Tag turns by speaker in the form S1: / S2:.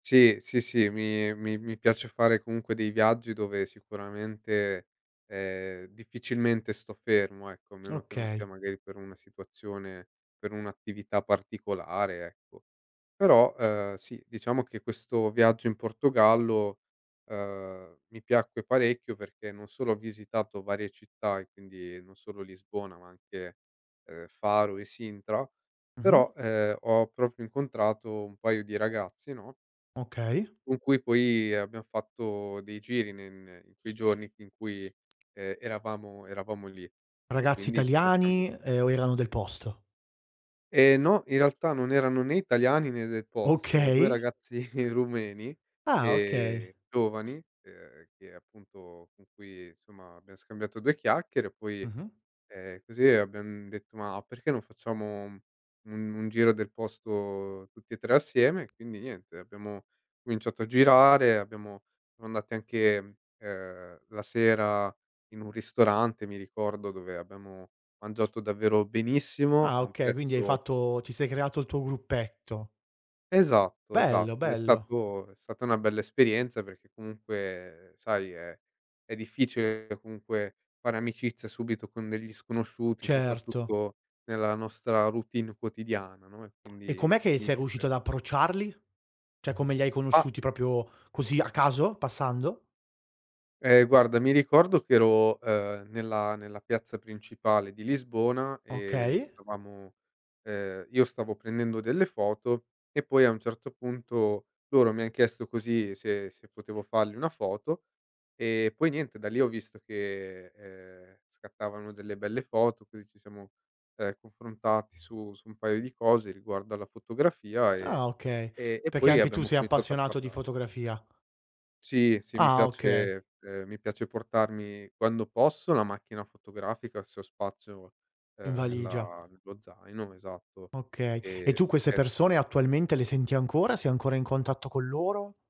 S1: Sì, sì, sì, mi mi mi piace fare comunque dei viaggi dove sicuramente, ehm, difficilmente sto fermo, ecco, a meno che non
S2: Okay.
S1: sia magari per una situazione, per un'attività particolare ecco. Però, uhm, sì, diciamo che questo viaggio in Portogallo, uhm, mi piacque parecchio perché non solo ho visitato varie città, e quindi non solo Lisbona, ma anche, uhm, Faro e Sintra,
S2: Mh-mh.
S1: però, ehm, ho proprio incontrato un paio di ragazzi, no
S2: Okay.
S1: con cui poi abbiam fatto dei giri ne ne in quei giorni in cui, ehm, eravamo eravamo lì. E
S2: Ragazzi
S1: quindi, ci siam scambia
S2: italiani, ehm, o erano del posto?
S1: Ehm, no. In realtà non erano né italiani né del posto, 2
S2: Okay.
S1: ragazzi rumeni,
S2: Ah, okay.
S1: ehm, giovani, ehm, che appunto, con cui insomma abbiam scambiato 2 chiacchiere e poi,
S2: Mh-mh.
S1: ehm, così abbiam detto: "Ma perché non facciamo u un giro del posto tutti e 3 assieme?". E quindi niente, abbiamo cominciato a girare, abbiamo siamo andati anche, ehm, la sera in un ristorante, mi ricordo, dove abbiamo mangiato davvero benissimo,
S2: Ah
S1: a un
S2: okay, quindi hai
S1: prezzo
S2: fatto ti sei creato il tuo gruppetto.
S1: Esatto,
S2: Bello,
S1: esatto. Ed è
S2: bello.
S1: stato è stata na bella esperienza perché comunque sai è è difficile comunque fare amicizia subito con degli sconosciuti,
S2: Certo.
S1: soprattutto nella nostra routine quotidiana, no e
S2: E
S1: quindi,
S2: com'è che
S1: mi
S2: sei riuscito
S1: fece
S2: ad approcciarli? Cioè come li hai
S1: A
S2: conosciuti? Proprio così, a caso, passando?
S1: Ehm, guarda, mi ricordo che ero, uhm, nella nella piazza principale di Lisbona e
S2: Okay.
S1: stavamo uhm, io stavo prendendo delle foto e poi a un certo punto loro mi han chiesto così se se potevo fargli una foto. Ehm, poi niente, da lì ho visto che, ehm, scattavano delle belle foto, così ci siamo, ehm, confrontati su su un paio di cose riguardo alla fotografia e
S2: Ah okay,
S1: e e
S2: perché
S1: poi
S2: anche tu
S1: abbiamo
S2: sei
S1: cominciato a
S2: appassionato di
S1: parlare.
S2: fotografia.
S1: Sì, sì, mi
S2: Ah, okay.
S1: piace ehm, mi piace portarmi, quando posso, la macchina fotografica se ho spazio,
S2: In
S1: uhm,
S2: valigia.
S1: nella nello zaino, esatto.
S2: Okay, e
S1: Ehm,
S2: tu queste
S1: e
S2: persone attualmente le senti ancora? Sei ancora in contatto con loro?